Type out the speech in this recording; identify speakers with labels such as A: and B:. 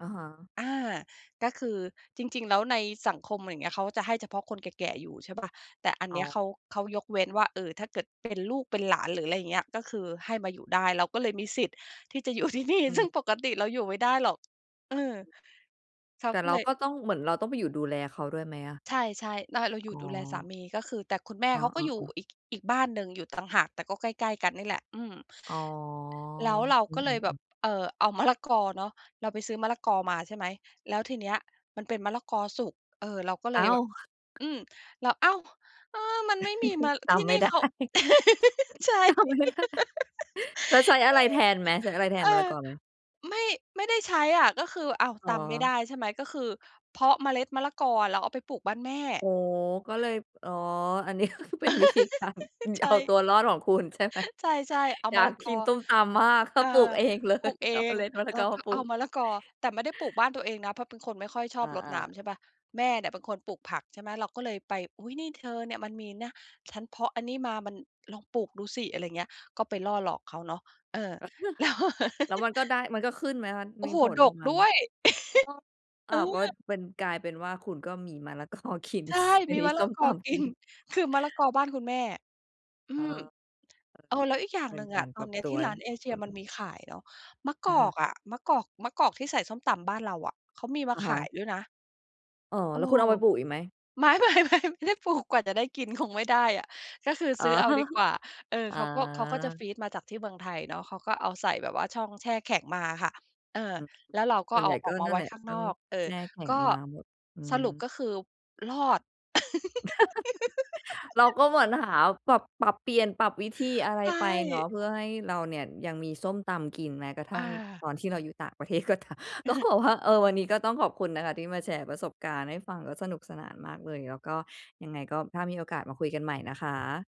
A: อะฮะ
B: อา ก็คือจริง ๆ แล้วในสังคม อะไรอย่างเงี้ย เขาจะให้เฉพาะคนแก่ ๆ อยู่ใช่เปล่า แต่อัน
A: อ
B: เ
A: ๋
B: นี้ย
A: อ
B: เขา เขายกเว้นว่า เออ ถ้าเกิดเป็นลูกเป็นหลาน หรืออะไรอย่างเงี้ย ก็คือให้มาอยู่ได้ เราก็เลยมีสิทธิ์ ที่จะ อยู่ที่นี่
A: อื
B: ซึ่
A: ม
B: งปกติเราอยู่ไม่ได้หรอก เออ เขา
A: แต่
B: ก็
A: เร
B: เ
A: า
B: ลย
A: ก็ต้อง เหมือนเราต้องไปอยู่ดูแลเขาด้วยไหมอะ?
B: ใช่ ๆ ร เราอยู่
A: อ๋
B: ดูแลสา
A: อ
B: มี ก็คือ แต่คุณแม่
A: อ
B: เขาก็อ
A: า
B: ยู่
A: ๆ ๆ
B: อีก อีกบ้านหนึ่งอยู่ต่างหาก แต่ก็ใกล้ ๆ กันเนี่ยแหละ อืม
A: อ๋อ
B: แล้วเรา
A: อื
B: ก็เลยแบ
A: ม ๆ
B: บ
A: ๆ
B: เออ เอามะละกอเนาะ เราไปซื้อมะละกอมา ใช่ไหม แล้วทีเนี้ยมันเป็นมะละกอสุก เออ เราก็เล
A: อ้
B: ย
A: า
B: แบ
A: ว
B: บ อืม แล้ว อ้าว เออ มันไม่มีมะ
A: ต
B: ที่
A: ำไม
B: นี
A: ่
B: ่
A: ได
B: เ
A: ้
B: ขา ใช่
A: ตำ ไม่ได้ แล้วใช้อะไรแทนไหม ใช้อะไรแท
B: เอ
A: น
B: อ
A: มะละกอไหม?
B: ไม่ ไม่ได้ใช้อะ ก็คือ อ้าว
A: อ๋
B: ตำไม่
A: อ
B: ได้ ใช่ไหม ก็คือเพาะเมล็ดมะละกอ แล้วเอาไปปลูกบ้านแม่
A: อ๋อ ก็เลย อ อ๋อ อันนี้ ก็คือเป็นวิธีการ ง
B: ใช
A: เอา
B: ่
A: ตัวรอดของคุณ ใช่ไหม
B: ใช่ ๆ เอา
A: อย
B: ม
A: า
B: ะล
A: ก
B: ะก
A: กิ
B: อ
A: นส้มตำมาก ก็
B: เอ
A: ปลูก
B: อ
A: เองเล
B: ปล
A: ย
B: ูกเอ
A: เอาเม
B: ง
A: ล็ด มะละ
B: แล
A: ก
B: ้
A: อ
B: ว
A: ม
B: ก็
A: าปลู
B: เอา
A: ก
B: มะละกอ แต่ไม่ได้ปลูกบ้านตัวเองนะ เพราะเป็นคนไม่ค่อยชอ
A: อ
B: บรด
A: า
B: น้
A: ๆ
B: ำ ใช่เปล่า แม่เนี่ยเป็นคนปลูกผัก ใช่ไหม เราก็เลยไป "อุ๊ย นี่เธอเนี่ย มันมีนะ ฉันเพาะอันนี้มามัน ลองปลูกดูสิ" อะไรอย่างเงี้ย ก็ไปล่อหลอกเขาเนาะ เออ แล้ว
A: แล้วมันก็ได้ มันก็ขึ้นไหมคะ
B: โอ
A: ม
B: ้
A: ี
B: โฮ!
A: ผล
B: ด
A: ออก
B: ก
A: มาไ
B: ด
A: หม?
B: ้วย
A: อ๋อ
B: เ
A: อ
B: อ
A: ้าว ก็
B: อ
A: เป็น กลายเป็นว่าคุณก็มีมะละ กอ กิน
B: ใช่
A: ส
B: มี
A: มี
B: มะ
A: ส
B: ละ
A: ้ม
B: ก
A: ต
B: อก
A: ำ ก
B: ิ
A: ิ
B: น
A: น
B: คือมะละกอบ้านคุณแม่ อื
A: อา
B: ม เออ แล้วอีกอย่า
A: เ
B: ง
A: ป็
B: หน
A: น
B: ึ่ง
A: ก
B: อ
A: า
B: ะ
A: ร
B: ต
A: ป
B: อ
A: รั
B: น
A: บ
B: เนี้ย
A: ตั
B: ที
A: ว
B: ่ร้านเอ
A: ของ
B: เช
A: ค
B: ีย
A: ุ
B: มัน
A: ณ
B: มีขายเนาะ มะ
A: อ
B: กอ
A: ะฮ
B: ก
A: ะ
B: อะ มะกอก มะกอกที่ใส่ส้มตำบ้านเราอะ เขามีมา
A: อะ
B: ข
A: ฮ
B: า
A: ะ
B: ยด้วยนะ
A: อ๋อ
B: เออ
A: แล้วคุณเอาไปปลูกอีกไหม?
B: ไม่ ๆ ๆ ไม่ได้ปลูกกว่าจะได้กินคงไม่ได้อะ ก็คือ
A: อ๋
B: ซ
A: อ
B: ื้อเอาดีกว่า เออ
A: อ๋
B: เขาก็ เขาก็จะ
A: อ
B: ฟรีซมาจากที่เมืองไทยเนาะ เขาก็เอาใส่แบบว่าช่องแช่แข็งมาอะค่ะ เออ
A: อืม
B: แล้วเราก็
A: ส่ว
B: เ
A: นใ
B: อ
A: ห
B: า
A: ญ่
B: อ
A: ก
B: อ
A: ็
B: กมา
A: นั่
B: ไ
A: น
B: ว้
A: แหละ
B: ข้าง
A: ต้
B: น
A: อ
B: อ
A: ง
B: ก เออ
A: แช่แข็
B: ก
A: ง
B: ็
A: มาหมด อื
B: ส
A: ม
B: รุปก็คือรอด
A: เราก็เหมือนหาปรับ ปรับเปลี่ยน ปรับวิธีอะไร
B: ใช
A: ไปเนา
B: ่
A: ะ เพื่อให้เราเนี่ยยังมีส้มตำกิน แม้กระท
B: อ
A: ั่งตอน
B: า
A: ที่เราอยู่ต่างประเทศ ก็ตาม ก็บอกว่า เออ วันนี้ก็ต้องขอบคุณนะคะ ที่มาแชร์ประสบการณ์ให้ฟังแล้วสนุกสนานมากเลย แล้วก็ยังไงก็ถ้ามีโอกาสมาคุยกันใหม่นะคะ